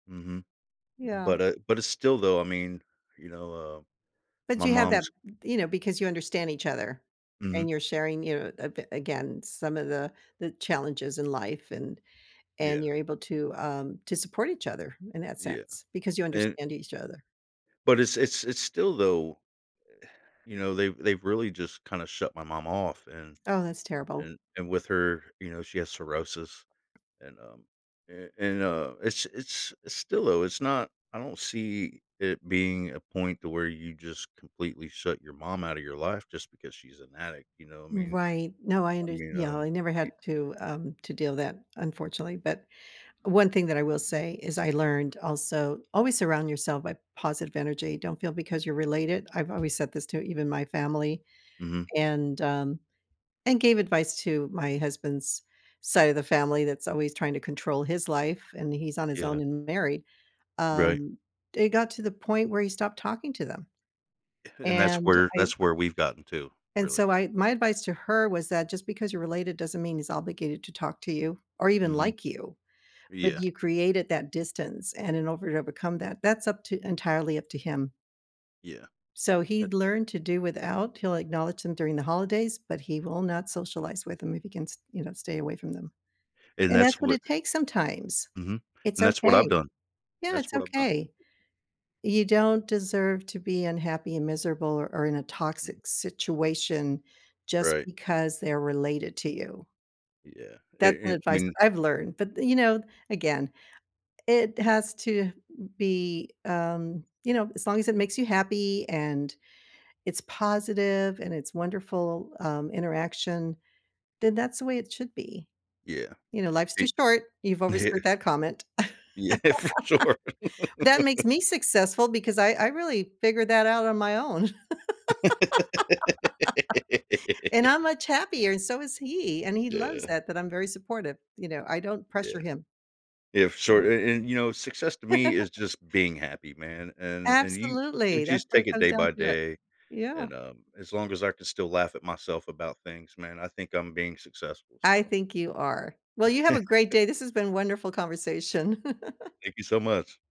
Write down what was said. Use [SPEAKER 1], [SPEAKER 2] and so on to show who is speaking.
[SPEAKER 1] Mhm.
[SPEAKER 2] Yeah.
[SPEAKER 1] But, uh but it's still, though, I mean, you know, uh,
[SPEAKER 2] But
[SPEAKER 1] my
[SPEAKER 2] you have that
[SPEAKER 1] mom's
[SPEAKER 2] th you know, because you understand each other
[SPEAKER 1] Mhm.
[SPEAKER 2] and you're sharing you're [unintelligible] again, some of the the challenges in life and and
[SPEAKER 1] Yeah.
[SPEAKER 2] you're able to, um, to support each other in that
[SPEAKER 1] Yeah.
[SPEAKER 2] sense because you
[SPEAKER 1] And
[SPEAKER 2] understand each other.
[SPEAKER 1] But it's it's it's still though, you know, they've they've really just kinda shut my mom off, and
[SPEAKER 2] Oh, that's terrible.
[SPEAKER 1] and and with her you know, she has cirrhosis, and, um, and and, uh, it's it's it's still though it's not I don't see it being a point to where you just completely shut your mom out of your life just because she's an addict, you know, I mean
[SPEAKER 2] Right, no, I
[SPEAKER 1] I
[SPEAKER 2] under
[SPEAKER 1] mean,
[SPEAKER 2] yeah, I
[SPEAKER 1] um,
[SPEAKER 2] never
[SPEAKER 1] y
[SPEAKER 2] had to, um, to deal that, unfortunately, but one thing that I will say is, I learned also, always surround yourself by positive energy, don't feel because you're related I've always said this to even my family,
[SPEAKER 1] Mhm.
[SPEAKER 2] and, um, and gave advice to my husband's side of the family that's always trying to control his life and he's on his own
[SPEAKER 1] Yeah.
[SPEAKER 2] and married,
[SPEAKER 1] Right.
[SPEAKER 2] um, it got to the point where he stopped talking to them.
[SPEAKER 1] And that's
[SPEAKER 2] And,
[SPEAKER 1] where
[SPEAKER 2] I
[SPEAKER 1] that's where we've gotten to,
[SPEAKER 2] and,
[SPEAKER 1] really.
[SPEAKER 2] so my my advice to her was that just because you're related doesn't mean he's obligated to talk to you or even
[SPEAKER 1] Mhm.
[SPEAKER 2] like you. But
[SPEAKER 1] Yeah.
[SPEAKER 2] you created that distance and in over to become that that's up to entirely up to him.
[SPEAKER 1] Yeah.
[SPEAKER 2] So, he
[SPEAKER 1] H
[SPEAKER 2] learned to do without, he'll acknowledge them during the holidays, but he will not socialize with them if he can st you know, stay away from them.
[SPEAKER 1] And
[SPEAKER 2] And
[SPEAKER 1] that's
[SPEAKER 2] that's what
[SPEAKER 1] what
[SPEAKER 2] it takes sometimes.
[SPEAKER 1] Mhm.
[SPEAKER 2] It's
[SPEAKER 1] And that's what I've
[SPEAKER 2] okay.
[SPEAKER 1] done.
[SPEAKER 2] Yeah,
[SPEAKER 1] That's
[SPEAKER 2] it's
[SPEAKER 1] what I've done.
[SPEAKER 2] okay. You don't deserve to be unhappy and miserable or or in a
[SPEAKER 1] Mm.
[SPEAKER 2] toxic situation just
[SPEAKER 1] Right.
[SPEAKER 2] because they're related to you.
[SPEAKER 1] Yeah,
[SPEAKER 2] That's
[SPEAKER 1] a
[SPEAKER 2] some
[SPEAKER 1] an
[SPEAKER 2] advice that
[SPEAKER 1] mean
[SPEAKER 2] I've learned. But th you know, again, it has to m be, um you know, as long as it makes you happy and it's positive and it's wonderful, um, interaction, then that's the way it should be.
[SPEAKER 1] Yeah.
[SPEAKER 2] You know, life's too
[SPEAKER 1] E
[SPEAKER 2] short, you've always
[SPEAKER 1] Yeah.
[SPEAKER 2] heard that comment.
[SPEAKER 1] Yeah, for sure.
[SPEAKER 2] That makes me successful because I I really figured that out on my own. And I'm much happier, and so is he, and he loves
[SPEAKER 1] Yeah.
[SPEAKER 2] that, that I'm very supportive. You know, I don't pressure
[SPEAKER 1] Yeah.
[SPEAKER 2] him.
[SPEAKER 1] Yeah, for
[SPEAKER 2] Yeah.
[SPEAKER 1] sure, and and, you know, success to me is just being happy, man, and and you you
[SPEAKER 2] Absolutely, that's
[SPEAKER 1] just
[SPEAKER 2] where
[SPEAKER 1] take
[SPEAKER 2] it
[SPEAKER 1] it
[SPEAKER 2] comes
[SPEAKER 1] day
[SPEAKER 2] down
[SPEAKER 1] by
[SPEAKER 2] to it.
[SPEAKER 1] day,
[SPEAKER 2] Yeah.
[SPEAKER 1] and, um, as long as I can still laugh at myself about things, man, I think I'm being successful,
[SPEAKER 2] I
[SPEAKER 1] so
[SPEAKER 2] think you are. Well, you have a great day, this has been wonderful conversation.
[SPEAKER 1] Thank you so much.